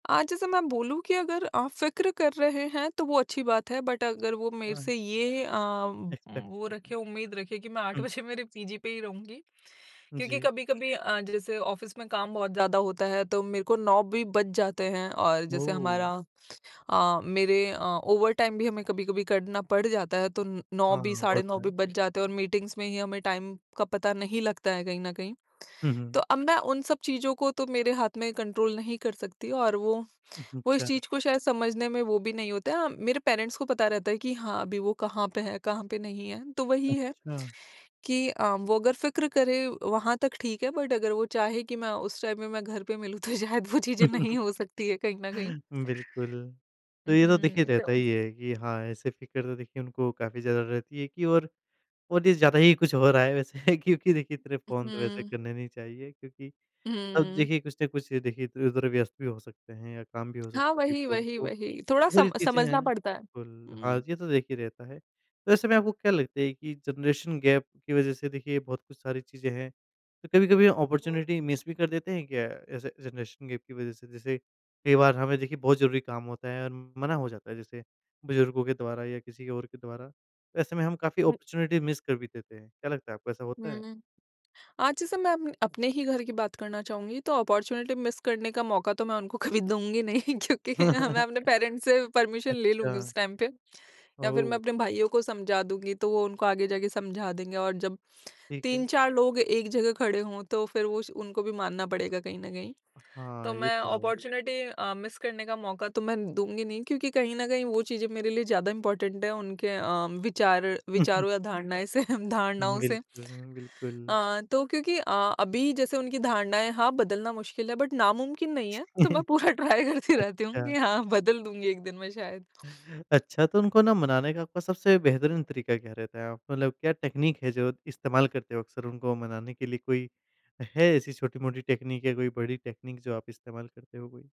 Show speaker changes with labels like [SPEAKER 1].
[SPEAKER 1] आज जैसे मैं बोलूँ कि, अगर आप फिक्र कर रहे हैं तो वो अच्छी बात है, बट अगर वो मेरे
[SPEAKER 2] हाँ।
[SPEAKER 1] से ये अ, वो
[SPEAKER 2] एक्सपेक्ट।
[SPEAKER 1] रखें,
[SPEAKER 2] [unintelligible]
[SPEAKER 1] उम्मीद रखें कि मैं 8
[SPEAKER 2] हुँ।
[SPEAKER 1] बजे मेरे पीजी पे ही रहूँगी क्योंकि
[SPEAKER 2] जी।
[SPEAKER 1] कभी-कभी अ, जैसे ऑफ़िस में काम बहुत ज़्यादा होता है तो मेरे को 9 भी बज जाते हैं और जैसे
[SPEAKER 2] वो।
[SPEAKER 1] हमारा अ, मेरे अ, ओवर टाइम भी हमें कभी-कभी करना पड़ जाता है तो 9
[SPEAKER 2] हाँ,
[SPEAKER 1] भी,
[SPEAKER 2] वो
[SPEAKER 1] साढ़े 9
[SPEAKER 2] तो
[SPEAKER 1] भी
[SPEAKER 2] है।
[SPEAKER 1] बज जाते हैं और मीटिंग्स में ही हमें टाइम का पता नहीं लगता है कहीं न कहीं।
[SPEAKER 2] हुँ,
[SPEAKER 1] तो
[SPEAKER 2] हुँ।
[SPEAKER 1] अब मैं उन सब चीजों को तो मेरे हाथ में कंट्रोल नहीं कर सकती और वो
[SPEAKER 2] हुँ, हुँ।
[SPEAKER 1] वो इस
[SPEAKER 2] अच्छा।
[SPEAKER 1] चीज़ को शायद समझने में वो भी नहीं होता है। मेरे पेरेंट्स को पता रहता है कि हाँ, अभी वो कहाँ पे है, कहाँ पे नहीं है, तो वही है
[SPEAKER 2] अच्छा।
[SPEAKER 1] कि अ, वो अगर फिक्र करे वहाँ तक ठीक है, बट अगर वो चाहे कि मैं उस टाइम में, मैं घर पे मिलूँ तो शायद वो चीज़ें नहीं हो सकती है कहीं न कहीं।
[SPEAKER 2] बिल्कुल। तो ये तो देखिए
[SPEAKER 1] उहुँ,
[SPEAKER 2] रहता
[SPEAKER 1] तो
[SPEAKER 2] ही है कि हाँ, ऐसे फिक्र तो देखिए उनको काफ़ी ज़्यादा रहती है कि और और ये ज़्यादा ही कुछ हो रहा है वैसे। क्योंकि देखिए इतने
[SPEAKER 1] उ,
[SPEAKER 2] फ़ोन तो वैसे
[SPEAKER 1] हुँ।
[SPEAKER 2] करने नहीं चाहिए, क्योंकि अब
[SPEAKER 1] हुँ।
[SPEAKER 2] देखिए कुछ न कुछ, देखिए उधर व्यस्त भी हो सकते हैं या काम भी हो
[SPEAKER 1] हाँ,
[SPEAKER 2] सकता है
[SPEAKER 1] वही,
[SPEAKER 2] [unintelligible]
[SPEAKER 1] वही,
[SPEAKER 2] बहुत
[SPEAKER 1] वही। थोड़ा सम
[SPEAKER 2] सारी चीजें हैं।
[SPEAKER 1] समझना पड़ता है।
[SPEAKER 2] बिल्कुल, हाँ,
[SPEAKER 1] हुँ।
[SPEAKER 2] ये तो देखिए रहता है। तो ऐसे में आपको क्या लगता है कि जनरेशन गैप की वज़ह से देखिए बहुत कुछ सारी चीज़ें हैं? तो कभी-कभी अपॉर्च्युनिटी मिस भी कर देते हैं क्या ऐसे जनरेशन गैप की वज़ह से? जैसे कई बार हमें देखिए बहुत ज़रूरी काम होता है और मना हो जाता है जैसे बुजुर्गों के द्वारा या किसी और के द्वारा, ऐसे में हम काफ़ी अपॉर्च्युनिटी मिस कर भी देते हैं, क्या लगता है आपको ऐसा होता है?
[SPEAKER 1] हुँ। आज जैसे मैं अप अपने ही घर की बात करना चाहूँगी, तो अपॉर्च्युनिटी मिस करने का मौका तो मैं उनको कभी दूँगी नहीं, क्योंकि अ, मैं अपने पेरेंट्स से परमिशन ले लूँगी
[SPEAKER 2] अच्छा।
[SPEAKER 1] उस टाइम पे। या फिर मैं
[SPEAKER 2] ओह!
[SPEAKER 1] अपने भाइयों को समझा दूँगी तो वो उनको आगे जाके समझा देंगे। और जब
[SPEAKER 2] ठीक है।
[SPEAKER 1] 3-4 लोग एक जगह खड़े हों, तो फिर वो उस उनको भी मानना पड़ेगा कहीं न कहीं। तो
[SPEAKER 2] हाँ, ये
[SPEAKER 1] मैं
[SPEAKER 2] तो है।
[SPEAKER 1] अपॉर्च्युनिटी अ, मिस करने का मौका तो मैं दूँगी नहीं, क्योंकि कहीं न कहीं वो चीज़ें मेरे लिए ज़्यादा इम्पोर्टेंट हैं, उनके अ, विचार विचारों या धारणाएँ से धारणाओं से।
[SPEAKER 2] बिल्कुल अ, बिल्कुल।
[SPEAKER 1] अ, तो क्योंकि अ, अभी जैसे उनकी धारणाएँ हाँ, बदलना मुश्किल है बट नामुमकिन नहीं है तो मैं पूरा ट्राई करती रहती हूँ कि
[SPEAKER 2] अच्छा।
[SPEAKER 1] हाँ, बदल दूँगी एक दिन में शायद।
[SPEAKER 2] अच्छा, तो उनको ना मनाने का आपका सबसे बेहतरीन तरीका क्या रहता है? आप मतलब क्या टेक्निक है जो इस्तेमाल करते हो अक्सर उनको मनाने के लिए? कोई है, ऐसी छोटी-मोटी टेक्निक या कोई बड़ी टेक्निक जो आप इस्तेमाल करते हो कोई?